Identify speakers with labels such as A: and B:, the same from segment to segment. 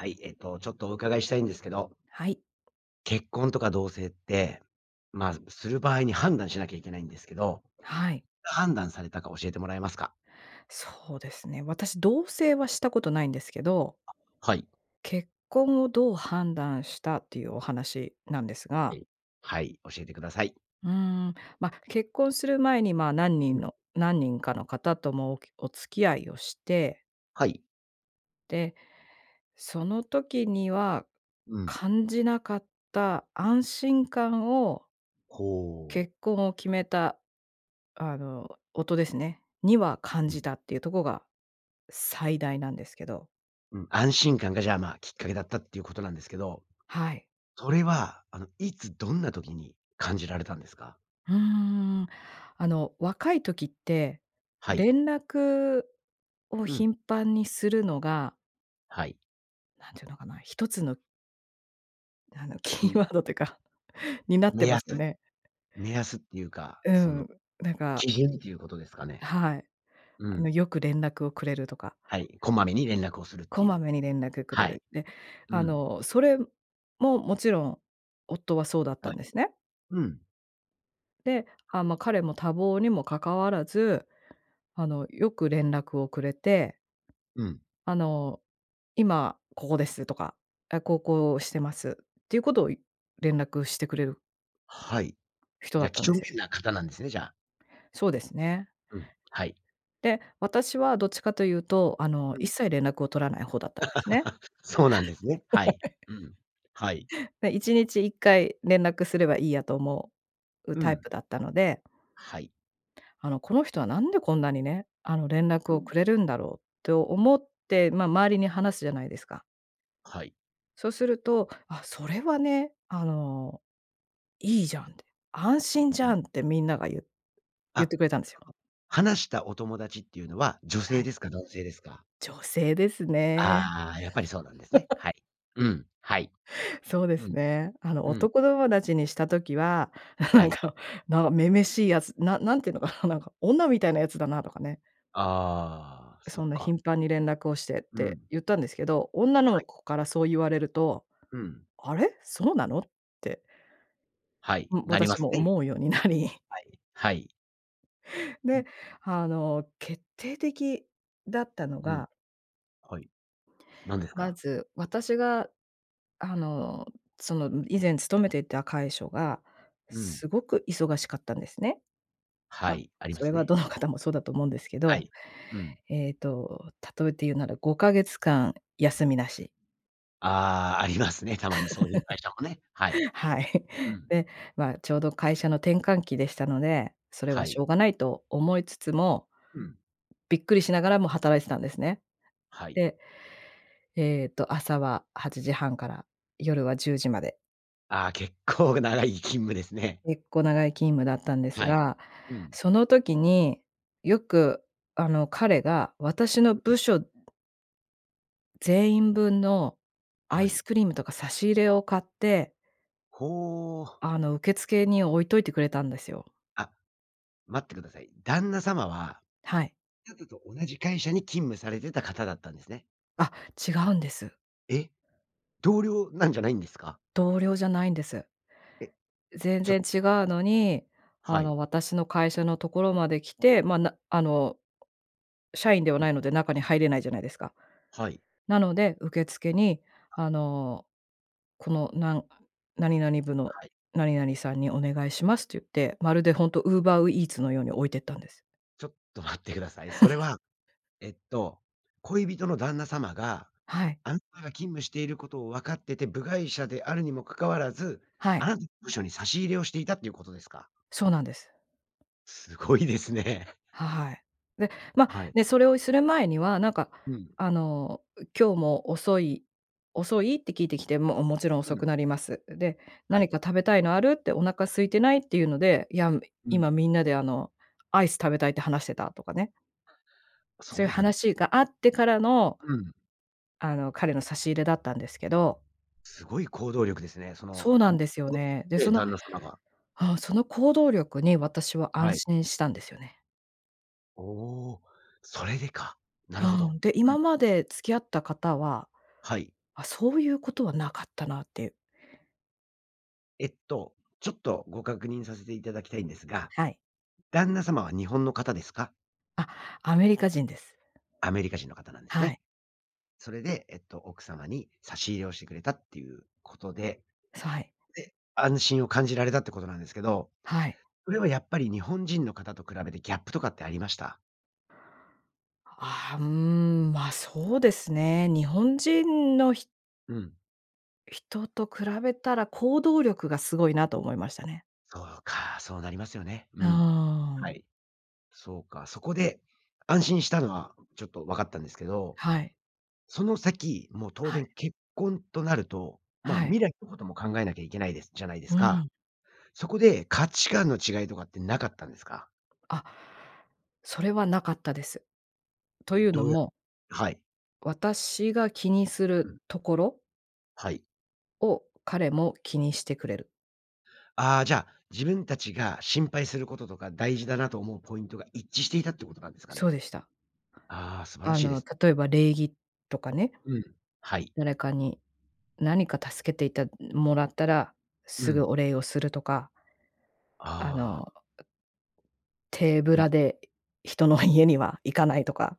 A: はい、えっと、ちょっとお伺いしたいんですけど。
B: はい。
A: 結婚とか同棲って、ま、する場合に判断しなきゃいけないんですけど、
B: はい。
A: 判断されたか教えてもらえますか？
B: そうですね、私、同棲はしたことないんですけど。
A: あ、はい。
B: 結婚をどう判断したっていうお話なんです
A: は
B: が。
A: い、はい、教えてください。
B: うーん。ま、結婚する前に、まあ、何
A: う
B: 人
A: ん。
B: の何人かの方ともおきお付き合いをして。
A: はい。
B: で、その時には、
A: うん。
B: 感じなかった安心感を
A: ほ。
B: 結婚を決めた、あの、夫ですね、には感
A: う
B: じ
A: ん。
B: たっていうとこが、最大なんですけど。
A: うん、安心感が、じゃあ、まあ、きっかけだったっていうことなんですけど、
B: はい。
A: それは、あの、いつどんな時に感じられたんですか？
B: うーん。あの、若い時って、
A: はい。
B: 連絡を
A: うん。
B: 頻繁にするのが
A: はい。
B: 何て言うのかな、1つのあの、
A: う
B: キー
A: ん。
B: ワードというか、になっ
A: 目
B: てま
A: 安。
B: すよね。
A: 目安っていうか
B: うー
A: その、
B: ん、なんか。
A: 基準ということですかね。
B: はい。
A: う
B: あの、
A: ん。
B: よく連絡をくれるとか。
A: はい、こまめに連絡をするっ
B: こ
A: てい
B: ま
A: う。
B: めに連絡くれ
A: はい。
B: る。で、
A: う
B: あ
A: ん。
B: の、それも、もちろん、夫はそうだった
A: は
B: ん
A: い。
B: ですね。
A: うん。
B: で、あ、
A: はい。
B: ま、彼も多忙にも関わらず、あの、よく連絡をくれて、
A: うん。
B: あの、「今ここです」とか、「あ、こうこうしてます」っていうことをい連絡してくれる
A: はい。
B: 人だ
A: じゃ、
B: った
A: 几
B: んで
A: 帳
B: すよ。
A: 面な方なんですね、じゃあ。
B: そうですね。
A: うん。はい。
B: で、私はどっちかと言うと、あの、
A: う
B: 一
A: ん。
B: 切連絡を取らない方だったんですね。
A: そうなんですね。はい。う ん。はい。
B: て、1日1回連絡すればいいやと思う
A: う
B: タイプ
A: ん。
B: だったので。
A: はい。
B: あの、この人は何でこんなにね、あの、連絡
A: う
B: をく
A: ん。
B: れるんだろう、と思ってま、周りに話すじゃないですか。
A: はい。
B: そうすると、あ、それはね、あの、いいじゃんって、安心じ
A: うん。
B: ゃんってみんながゆう言っ
A: あ、
B: てくれたんです
A: そ
B: よ。
A: の話したお友達っていうのは女
B: は
A: 性
B: い。
A: ですか？男性ですか？
B: 女性ですね。
A: ああ、やっぱりそうなんですね。は い、うん。はい、
B: そうで
A: う
B: す
A: ん、
B: ね。あの、
A: うん。
B: 男友達にした時は、
A: は
B: なん
A: い。
B: か、なん、女々しいやつ、な何て言うのかな、なんか、女みたいなやつだなとかね。
A: ああ、そ
B: そ
A: っ
B: んな
A: か。
B: 頻繁に連絡をしてっ
A: う
B: て
A: ん。
B: 言ったんですけど、女
A: は
B: の
A: い。
B: 子からそう言われると、
A: うん。
B: あれ、そうなのって。
A: はい、
B: うん、
A: なりま
B: 私
A: す
B: も
A: ね。
B: 思うようになり。
A: はい。はい。う
B: で、
A: ん。
B: あの、決定的だったの
A: うん。
B: が
A: はい。何です
B: ま
A: か？
B: ず、私が、あの、その、以前勤めていた会しょが、
A: うん。
B: すごく忙しかったんですね。
A: は
B: ま、
A: い、ありま
B: それ
A: す
B: は
A: ね。
B: どの
A: うん。
B: 方もそうだと思うんですけ
A: は
B: ど。
A: い、うん。
B: えっと、例えて言うなら、5か月間休みなし。
A: ああ、ありますね、たまにそういう会社もね、はい。
B: はい。
A: うん。
B: で、まあ、ちょうど会社の転換期でしたので、それ
A: は
B: はし
A: い。
B: ょうがないと思いつつも
A: うん。
B: びっくりしながらも働いてたんですね。
A: はい。
B: で、ええと、朝は8時半から夜は10時まで。
A: ああ、結構長い勤務ですね。
B: 結構長い勤務だったんです
A: はい。
B: が、
A: うん。
B: その時に、よく、あの、彼が私の
A: うんう
B: 部
A: ん。
B: 署全員分のア
A: は
B: イ
A: い。
B: スクリームとか差し入れを買って
A: ほ。
B: あの、受付に置いといてくれたんですよ。
A: あ、待ってください。旦那様は
B: はい。
A: と同じ会社に勤務されてた方だったんですね。
B: あ、違うんです。
A: え、同僚なんじゃないんですか？
B: 同僚じゃないんです。
A: え、
B: 全
A: ち
B: 然
A: ょ
B: 違うのに、
A: は
B: あ
A: い。
B: の、私の会社の所まで来て、まあ、なあの、社員では
A: う
B: な
A: ん。
B: いので中に入れないじゃないですか。
A: はい。
B: なので受付に、
A: あ。
B: あの、この、なの何々部の
A: はい。
B: 何々さんにお願いしますって言って、まるでほんと、Uber う Eats のように置いてったんです。
A: ちょっと待ってください。それ は、えっと、恋人の旦那様が、
B: はい。
A: あなたが勤務していることをわかってて、部外者であるにもかかわらず、
B: は
A: あ
B: い。
A: なたの部署に差し入れをしていたっていうことですか？
B: そうなんです。
A: すごいですね。
B: はい。で、ま、
A: はい。
B: ね、それをする前には、なんか、
A: うん。
B: あの、ん、今日も遅い遅い？って聞いてきて、も、おもちろん
A: う
B: 遅
A: ん。
B: くなります、で、
A: は
B: 何
A: い。
B: か食べたいのある？って、お腹空いてない？っていうので、いや、み
A: う
B: 今
A: ん。
B: みんなで、あの、アイス食べたいって話してた、とかね。そ
A: そ
B: ういう
A: うなん
B: 話があってからの
A: うん。
B: あの、彼の差し入れだったんですけど。
A: すごい行動力ですね。その、
B: そうな
A: ん、
B: ん
A: お、
B: ですよね。で、
A: え
B: そ
A: え、
B: の
A: 旦那様が。
B: うん、その行動力に私は安
A: はい。
B: 心したんですよね。
A: おお、それでか。なるほ
B: う
A: ど。
B: ん、で、
A: う
B: 今
A: ん。
B: まで付き合った方は、
A: はい。
B: あ、そういうことは無かったなって。
A: えっと、ちょっとご確認させていただきたいんですが、
B: はい。
A: 旦那様は日本の方ですか？
B: あ、アメリカ人です。
A: アメリカ人の方なんです
B: はい。
A: ね。それで、えっと、奥様に差し入れをしてくれたっていうことで。
B: そう、はい。
A: で、安心を感じられたってことなんですけど、
B: はい。
A: それはやっぱり日本人の方と比べてギャップとかってありました？
B: ああ、うーん、ま、そうですね。日本人のひ
A: うん。
B: 人と比べたら、行動力が凄いなと思いましたね。
A: そうか、そうなりますよね。
B: う
A: う
B: ー
A: ん。は
B: ん。
A: い。そうか、そこで安心したのはちょっと分かったんですけど、
B: はい。
A: その先もう当
B: はい。
A: 然結婚となると、まあ
B: はい。
A: 未来のことも考えなきゃいけないですじゃないで
B: う
A: すか？
B: ん。
A: そこで価値観の違いとかってなかったんですか？
B: あ、それはなかったです。と
A: え、
B: いうの
A: どうや
B: も
A: はい。
B: 私が気にす
A: う
B: る
A: ん。
B: ところ
A: はい。
B: を彼も気にしてくれる。
A: ああ、じゃあ、自分達が心配する事とか、大事だなと思うポイントが一致していたって事なんですか
B: そう
A: ね。
B: でした。
A: ああ、素晴ら
B: あ
A: しいで
B: の、
A: す。
B: 例えば礼儀とかね。
A: うん。はい。
B: 誰かに何か助けていたもらったら、
A: う
B: すぐ
A: ん。
B: お礼をするとか。あ
A: ああ。
B: の、手ぶ
A: うん。
B: らで人の家には行かないとか。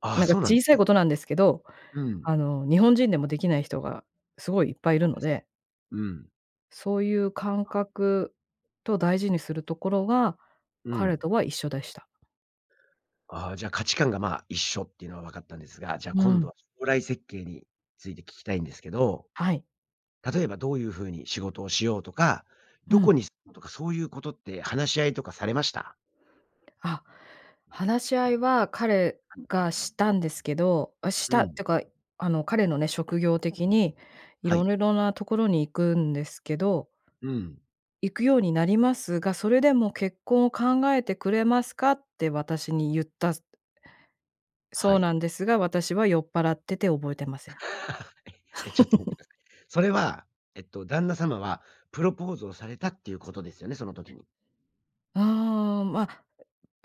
A: ああ、
B: なんか
A: そうなん
B: 小さ
A: う
B: い
A: ん。
B: 事なんですけど、
A: うー
B: あ
A: ん。
B: の、日本人でも出来ない人が凄いいっぱいいる
A: そう
B: の
A: です。
B: で。
A: うん。
B: そう言う感
A: あ。
B: 覚と大事にするところが、
A: う
B: 彼
A: ん。
B: とは一緒でした。
A: ああ、じゃ、価値観が、まあ、一緒っていうのは分かったんですが、じゃ、
B: うー
A: 今度
B: ん。
A: は、将来設計について聞きたいんですけど。
B: はい。
A: 例えば、どう言う風に仕事をしようとか、
B: う
A: 何
B: ん。
A: 処に住むとか、そう言う事って話し合いとかされました？
B: あ、話し合いは彼
A: はい。
B: がしたんですけど、あ、し
A: う
B: たっ
A: ん。
B: てか、あの、彼のね、職業的に、
A: は
B: 色
A: い。
B: んな所に行くんですけど。
A: うん。
B: 行くようになりますが、それでも結婚を考えてくれますかって私に言った
A: は
B: そう
A: い。
B: なんですが、私は酔っぱらってて覚えていません。
A: え、え、ちょっと待っ て下さい。それは、えっと、旦那様はプロポーズをされたって言う事ですよね、その時に。
B: ああ、ま、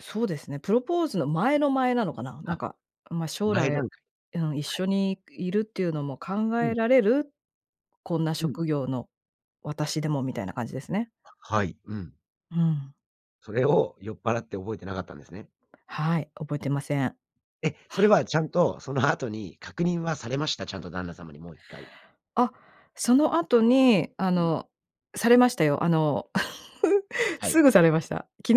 B: そうですね、プロポーズの前の前なのかな、な
A: あ。
B: んか、ん、ま、将
A: 前
B: 来、
A: 段階、
B: うん、一
A: は
B: 緒
A: い。
B: にいるっていうのも考
A: うん。
B: えられる？こんな
A: うん。
B: 職業の私でも、みたいな感じですね。
A: あ、はい。うん。
B: うん。
A: それを酔っぱらって、覚えてなかったんですね。
B: はい、覚えてません。
A: え、それはちゃんと、その後に確認はされました？ちゃんと旦那様にもう1回。
B: あ、その後に、あ
A: うん。
B: の、されましたよ。あの、
A: はい。
B: すぐされました。昨日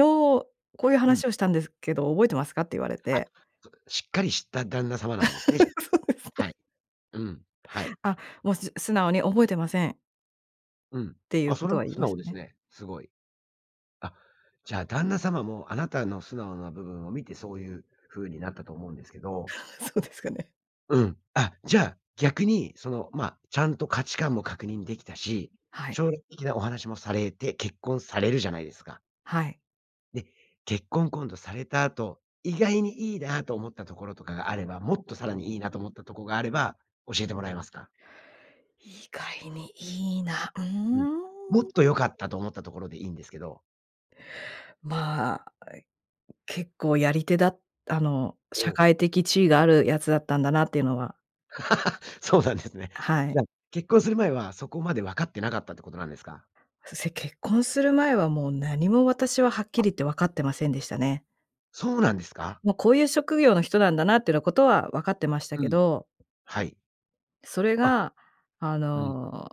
B: こう言う
A: うん。
B: 話をしたんですけど、覚えてますかって言われ
A: [unintelligible] あ、
B: て。
A: そうでしっかりした旦那様なんですね、じゃ。
B: そうです
A: は
B: ね。
A: い。うん。はい。
B: あ、もう、す素直に覚えてません
A: うん。
B: て言う
A: あ、それ
B: 事
A: も
B: は言い
A: 素
B: まし
A: 直
B: た
A: です
B: ね。
A: ね、凄い。あ、じゃあ、旦那様も、あなたの素直な部分を見て、そう言う風になったと思うんですけど。
B: そうですかね。
A: うん、あ、じゃ、逆に、その、ま、ちゃんと価値観も確認出来たし、
B: はい。
A: 将来的なお話もされて、結婚されるじゃないですか？
B: はい。
A: で、結婚、今度された後、意外に良いなと思ったところとかがあれば、もっとさらにいいなと思ったとこがあれば教えてもらえますか？
B: 意外に良いな。うー
A: うん。
B: ん。
A: もっと良かったと思ったところでいいんですけど。
B: まあ。え、結構やり手だあの
A: お
B: 社
A: お。
B: 会的地位があるやつだったんだなっていうのは。
A: そうなんですね。
B: は
A: じゃ、
B: い。
A: 結婚する前はそこまで分かってなかったってことなんですか？
B: せ結婚する前はもう何も私ははっき
A: あ。
B: り言って分かってませんでしたね。
A: そうなんですか？
B: もうこういう職業の人なんだなってなことは分かってました
A: う
B: け
A: ん、
B: ど。
A: はい。
B: それ
A: あ。
B: が、あ
A: うん。
B: の、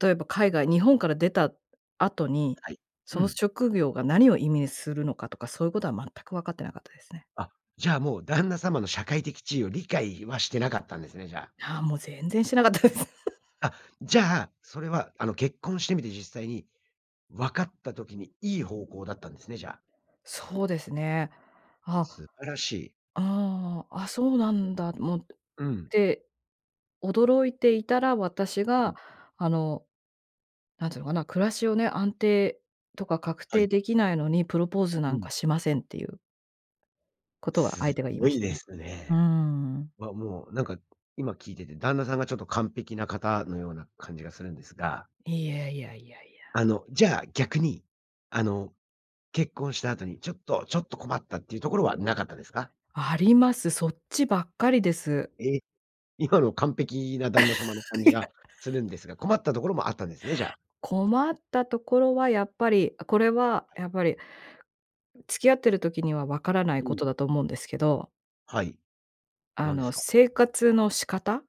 B: 例えば海外日本から出た後に、
A: はい。う
B: その
A: ん。
B: 職業が何を意味するのかとか、そういうことは全く分かってなかったですね。
A: あ、じゃ、もう旦那様の社会的地位を理解はしてなかったんですね、じゃ。
B: はあ、もう全然してなかったです。
A: あ、じゃあ、それはあの結婚してみて実際に分かった時に良い方向だったんですね。じゃあ。
B: そうですね。ああ。
A: 素晴らしい。
B: ああ、あ、そうなんだもっ
A: うん。
B: て、驚いていたら、私
A: う
B: が
A: ん。
B: あの、なんつうのかな、暮らしをね、安定とか確
A: は
B: 定
A: い。
B: できないのに、プロポーズな
A: う
B: ん
A: ん。
B: かしませんっていうことは
A: す
B: 相手が言い
A: ご
B: まし
A: い
B: た
A: で
B: ね。
A: す
B: うー
A: ね。
B: ん。
A: わ、もうなんか今聞いてて旦那さんがちょっと完璧な方のような感じがするんですが。
B: いやいやいやい
A: あ
B: や。
A: の、じゃあ逆に。あの、結婚した後にちょっとちょっと困ったっていうところはなかったですか？
B: あります。そっちばっかりです。
A: え、今の完璧な旦那様の感じ
B: い
A: が
B: や。
A: するんですが。困ったところもあったんですね、じゃあ。
B: 困ったところはやっぱり、これは
A: はい。
B: やっぱり。付き合ってる時には分からない
A: う
B: こ
A: ん。
B: とだと思うんですけど。
A: はい。
B: あ
A: 何で
B: の、
A: すか？
B: 生活の仕方？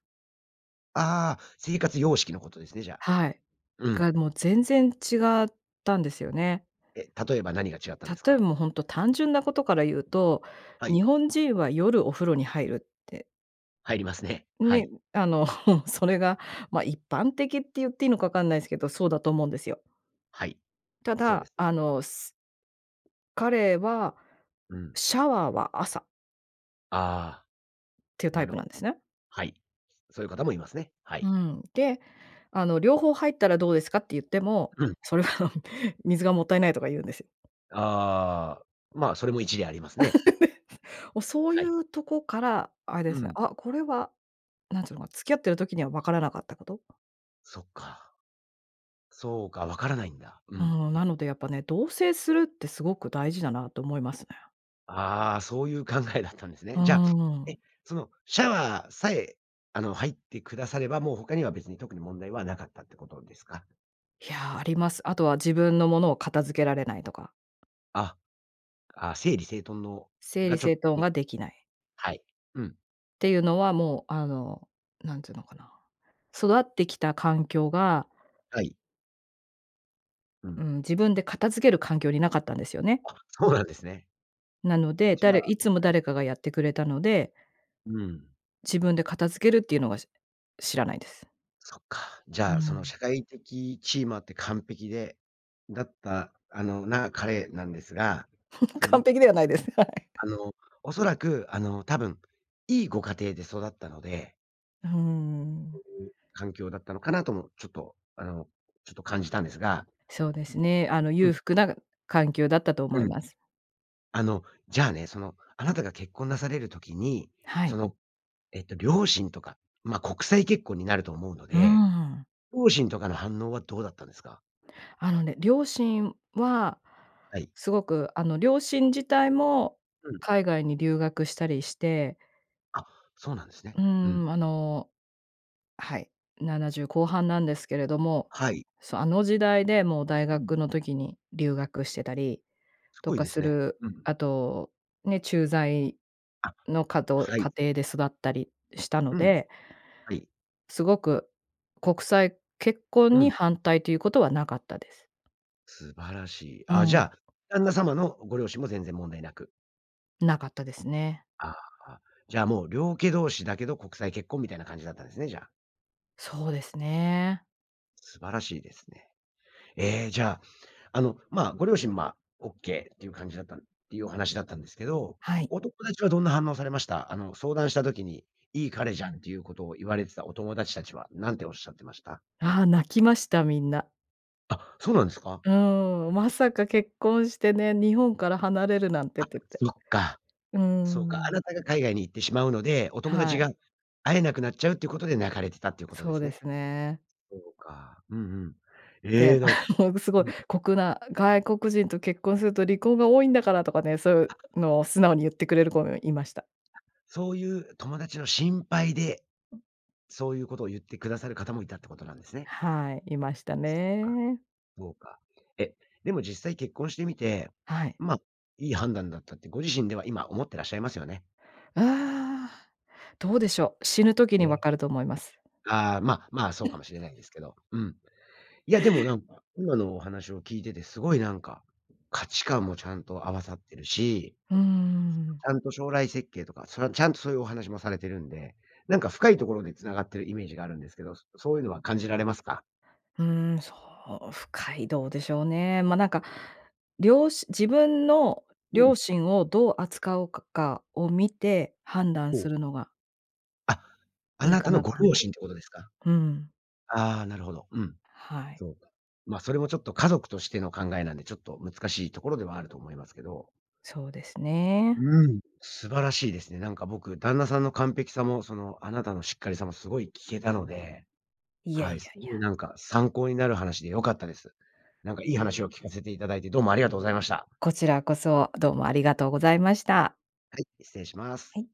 A: ああ。生活様式のことですね、じゃあ。
B: はい。
A: うん。
B: がもう、全然違ったんですよね。
A: え、例えば何が違ったんです
B: 例え、
A: か？
B: もう本当単純なことから言うと、
A: は
B: 日
A: い。
B: 本人は夜お風呂に入るって
A: 入りますね、は
B: ね、
A: い。
B: あの、それがま、一般的って言っていいのか分かんないんすけど、そうだと思うんですよ。
A: はい、
B: た
A: そうで
B: だ、
A: す。
B: あの彼は
A: うん。
B: シャワーは朝
A: ああ。
B: っていうタ
A: な
B: イ
A: る
B: プな
A: ほ
B: んですね。
A: はい。そういう方もいますね、は
B: う
A: い。
B: ん。で、「あの、両方入ったらどうですか」って言っても、
A: うん。
B: それは「水がもったいない」とか言うんですよ。
A: ああ。まあ、それも一理ありますね。
B: お、そう
A: は
B: い
A: い。
B: うとこから、あれで
A: う
B: すね、
A: ん。
B: あ、これは、なんて言うのかな、付き合ってる時には分からなかったこと。
A: そっか。そうか、わからないんだ。う
B: ふ
A: ん、
B: ん、
A: な
B: な
A: る
B: のでやっぱね、同棲するって凄く大事だなと思いますね。
A: ああ、そういう考えだったんです
B: ふ
A: ね。
B: う
A: じゃあ、
B: ん。
A: え、そのシャワーさえ、あの、入ってくださればもう他には別に特に問題はなかったってことですか？
B: いや、あります。あとは自分の物を、片付けられないとか。
A: あ、あ、整理整頓の
B: 整
A: が
B: 理
A: ちょ
B: 整頓
A: に
B: が出来ない
A: はい。うん。
B: っていうのはもう、あの、なんて言うのかな、育ってきた環境が
A: はい。う
B: う
A: ん。
B: ん、自分で片付ける環境になかったんですよね。
A: あ、そうなんですね。
B: なの
A: う
B: で、
A: ちな
B: 誰
A: ら、は
B: いつも
A: い
B: 誰かがやってくれたので。
A: うん。
B: 自分で片付けるっていうのが、し知らないです。
A: そっか。じ
B: う
A: ゃあ、その
B: ん。
A: 社会的地位もあって、完璧でだった、あの、な、彼なんですが、そ の
B: 完
A: ま
B: 璧ではないです。はい。
A: あの、恐らく、あの、多分いいご家庭で育ったので
B: うーん。
A: 環境だったのかなとも、ちょっと、あの、ちょっと感じたんですが。
B: そうですね、あの、
A: うん。
B: 裕福な環境だったと思
A: う
B: い
A: ん。
B: ます。
A: あの、じゃあね。その、あなたが結婚なされる時に、
B: は
A: そ
B: い。
A: の、えっと、両親とか、ま、国際結婚になると思うの
B: う
A: で。
B: んうん。
A: 両親とかの反応は、どうだったんですか？
B: あのね、両親は、
A: はい。
B: 凄くあの、両親自体も、
A: うん。
B: 海外に留学したりして
A: あ、そうなんですね。
B: う
A: うん。
B: ん、あのはい、70後半なんですけれども。
A: はい。
B: そう、あの時代で、もう大
A: うん。
B: 学の時に留学してたり
A: す
B: と
A: ごい
B: か
A: です
B: す
A: ね。
B: る、
A: うん。
B: あとね、駐在
A: あ、
B: のかと
A: は
B: 家
A: い。
B: 庭で育ったりしたの
A: うん、
B: で。
A: はい。
B: すごく、国際結婚
A: う
B: に
A: ん。
B: 反対ということはなかったです。
A: 素晴らしい。
B: う
A: あ、じ
B: ん。
A: ゃあ、旦那様のご両親も全然問題なく。
B: なかったですね。
A: ああ、じゃあもう良家同士だけど国際結婚みたいな感じだったんですね、じゃあ。
B: そうですね。
A: 素晴らしいですね。え、じゃあ、あの、ま、ご両親、ま、オッケーっていう感じだったっていうお話だったんですけど。
B: はい。
A: お友達はどんな反応されました？あの、相談した時に「いい彼じゃん」っていうことを言われてたお友達たちは何ておっしゃってました？
B: ああ、泣きました、みんな。
A: あ、そうなんですか？
B: うん、まさか結婚してね、日本から離れるなんてっ
A: あ、
B: て言って。
A: そっか。
B: う
A: そうか。あ
B: ん。
A: なたが海外に行ってしまうので、お友
B: は
A: 達
B: い。
A: が会えなくなっちゃうっていうことで泣かれてたっていうこと
B: そ
A: で
B: う
A: す
B: で
A: ね。
B: すね。
A: そうか、うんうん。
B: で、
A: え、なんか
B: もう凄い
A: うん。
B: 酷な、「外国人と結婚すると離婚が多いんだから」とかね、そうい
A: あ。
B: うのを素直に言ってくれる子もいました。
A: そういう友達の心配で
B: うん。
A: そういうことを言ってくださる方もいたってことなんですね。
B: はい、いました
A: そっか。
B: ね。
A: そうか。え、でも実際結婚してみて、
B: はい。
A: ま、いい判断だったってご自身では今思ってらっしゃいますよね。
B: ああ。どうでしょう、死ぬ時に分
A: え。
B: かると思います。
A: ああ、まま、そうかもしれないで すけど、うん。いやでもなんか、今のお話を聞いててすごいなんか価値観もちゃんと合わさってるし。
B: うーん。
A: ちゃんと将来設計とか、それはちゃんとそういうお話もされてるんで。何か深いところで繋がってるイメージがあるんですけど。そそういうのは感じられますか？
B: うん、そう、深い、どうでしょうね。まなんか、りょうし自分の
A: うん。
B: 両親をどう扱うかかを見て判断
A: ほ
B: す
A: う。
B: るのが
A: あ、あ
B: いい
A: な
B: か
A: たの
B: なと
A: ご
B: 思い
A: 両
B: ます。
A: 親ってことですか？
B: うん。
A: ああ、なるほど、うん。
B: はい。
A: そうか。ま、それもちょっと家族としての考えなんでちょっと難しいところではあると思いますけど。
B: そうですね。
A: うん、素晴らしいですね。なんか僕、旦那さんの完璧さもその、あなたのしっかりさもすごい聞けたので。
B: いやい
A: はい、す
B: やい
A: ごい
B: や。
A: なんか参考になる話で良かったです。なんかいい話を聞かせて頂いてどうもありがとうございました。
B: こちらこそ、どうもありがとうございました。
A: はい、失礼しま
B: は
A: す。
B: い。